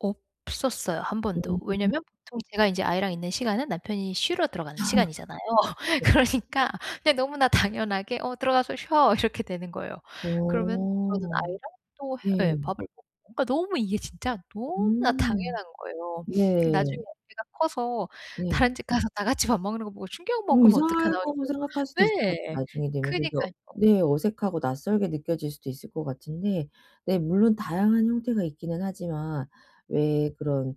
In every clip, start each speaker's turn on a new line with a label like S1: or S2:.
S1: 없었어요. 1 번도.
S2: 음.
S1: 왜냐하면 보통 제가 이제 아이랑 있는 시간은 남편이 쉬러 들어가는 시간이잖아요. 그러니까 이제 너무나 당연하게 "어. 들어가서 쉬어." 이렇게 되는 거예요. 그러면 저는
S2: 어.
S1: 아이랑 또 해 예.
S2: 네.
S1: 밥을 먹고. 그러니까 너무 이게 진짜 너무나
S2: 음.
S1: 당연한 거예요.
S2: 네.
S1: '나중에 애가 커서
S2: 네.
S1: 다른 집 가서 다 같이 밥 먹는 거 보고 충격
S2: 음
S1: 먹으면 어떡하나?' 할
S2: 이상하다고
S1: 정
S2: 생각할 수도 있을 것 같아요,
S1: 네.
S2: 나중에 되면 그게
S1: 그러니까요.
S2: 네. 어색하고 낯설게 느껴질 수도 있을 것 같은데. 네. 물론 다양한 형태가 있기는 하지만 왜 그런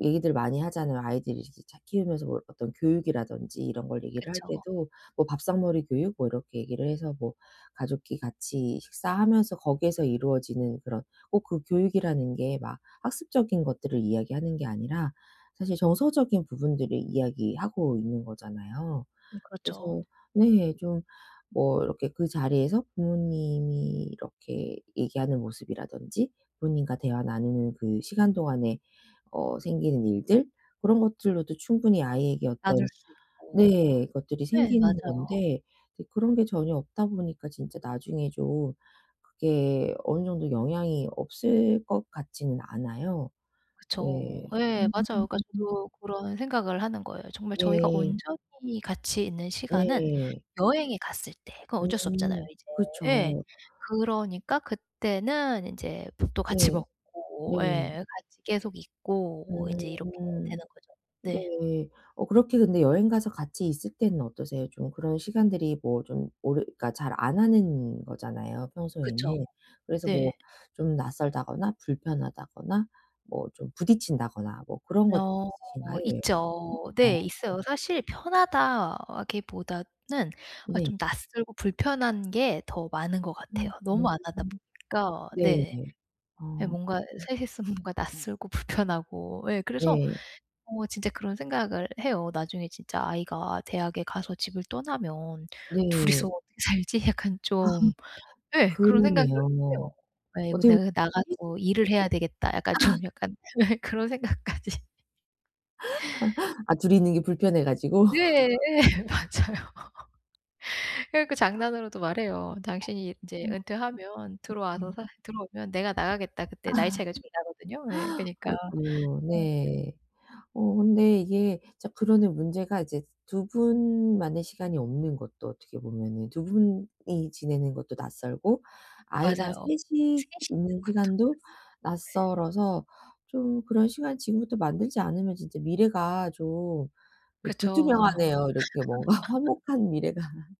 S2: 얘기들 많이 하잖아요. 아이들 이제 잘 키우면서 뭐 어떤 교육이라든지 이런 걸 얘기를 할
S1: 그쵸.
S2: 때도 뭐 밥상머리 교육? 뭐 이렇게 얘기를 해서 뭐 가족끼리 같이 식사하면서 거기에서 이루어지는 그런 꼭 그 교육이라는 게 막 학습적인 것들을 이야기하는 게 아니라 사실 정서적인 부분들을 이야기하고 있는 거잖아요.
S1: 음, 그렇죠.
S2: 그래서 네. 좀 뭐 이렇게 그 자리에서 부모님이 이렇게 얘기하는 모습이라든지 부모님과 대화 나누는 그 시간 동안에 어 생기는 일들, 그런 것들로도 충분히 아이에게
S1: 나눌
S2: 어떤
S1: 수 있고.
S2: 네 것들이
S1: 네.
S2: 생기는
S1: 맞아요.
S2: 건데 이제 그런 게 전혀 없다 보니까 진짜 나중에 좀 그게 어느 정도 영향이 없을 것 같지는 않아요.
S1: 그쵸.
S2: 네.
S1: 예. 맞아요. 그러니까
S2: 음.
S1: 저도 그런 생각을 하는 거예요. 정말 저희가
S2: 네.
S1: 온전히 같이 있는 시간은
S2: 네.
S1: 여행에 갔을 때. 그건 어쩔 수 없잖아요,
S2: 음.
S1: 이제. 예.
S2: 그쵸.
S1: 그러니까 그때는 인제 밥도 같이
S2: 네.
S1: 먹고.
S2: 네.
S1: 예. 같이 계속 있고 인제 이렇게
S2: 음.
S1: 되는 거죠. 네.
S2: 네. 어, 그렇게 근데 여행 가서 같이 있을 때는 어떠세요 좀? 그런 시간들이 뭐 좀 오래 그러니까 잘 안 하는 거잖아요,
S1: 그쵸.
S2: 평소에는. 그래서 뭐
S1: 네.
S2: 좀 낯설다거나 불편하다거나 뭐 좀 부딪힌다거나 뭐 그런 것들이
S1: 어.
S2: 있으신가요? 여행
S1: 있죠. 네.
S2: [unintelligible]
S1: 있어요. 사실 편하다기보다는 어
S2: 네.
S1: 좀 낯설고 불편한 게 더 많은 것 같아요.
S2: 음.
S1: 너무 안 하다
S2: [unintelligible]
S1: 보니까.
S2: 네네.
S1: 네네. 네,
S2: 어.
S1: 뭔가 3 이 있으면 뭔가 낯설고 불편하고. 예. 그래서
S2: 네.
S1: 어 진짜 그런 생각을 해요. '나중에 진짜 아이가 대학에 가서 집을 떠나면 2
S2: 네.
S1: 이서 어떻게 살지?' 약간 좀 예. 그런 생각을
S2: 그러네요
S1: 해요.
S2: 뭐.
S1: '아이고.
S2: 어떻게 보면
S1: 내가
S2: 그 3 이
S1: 나가서 일을 해야 되겠다.' 약간 좀 약간 네. 그런 생각까지.
S2: 아 2 이 있는 게 불편해 가지고?
S1: 네. 예 맞아요. 그래 갖고 장난으로도 말해요.
S2: 아.
S1: "당신이 이제 은퇴하면 들어와서
S2: 네.
S1: 사 들어오면 내가 나가겠다,
S2: 아.
S1: 그때." 나이 차이가 좀 나거든요. 예. 그러니까
S2: 아이고.
S1: 네.
S2: 네. 어, 근데 이게 진짜 그러는 문제가 이제 2 분 만의 시간이 없는 것도 어떻게 보면은 2 분이 지내는 것도 낯설고 아이랑 3
S1: 맞아요.
S2: 이
S1: 3 이 있는
S2: 있는
S1: 것도
S2: 시간도
S1: 낯설고.
S2: 낯설어서 좀 그런 시간 지금부터 만들지 않으면 진짜 미래가 좀
S1: 그쵸.
S2: 불투명하네요. 이렇게 뭔가 화목한 미래가.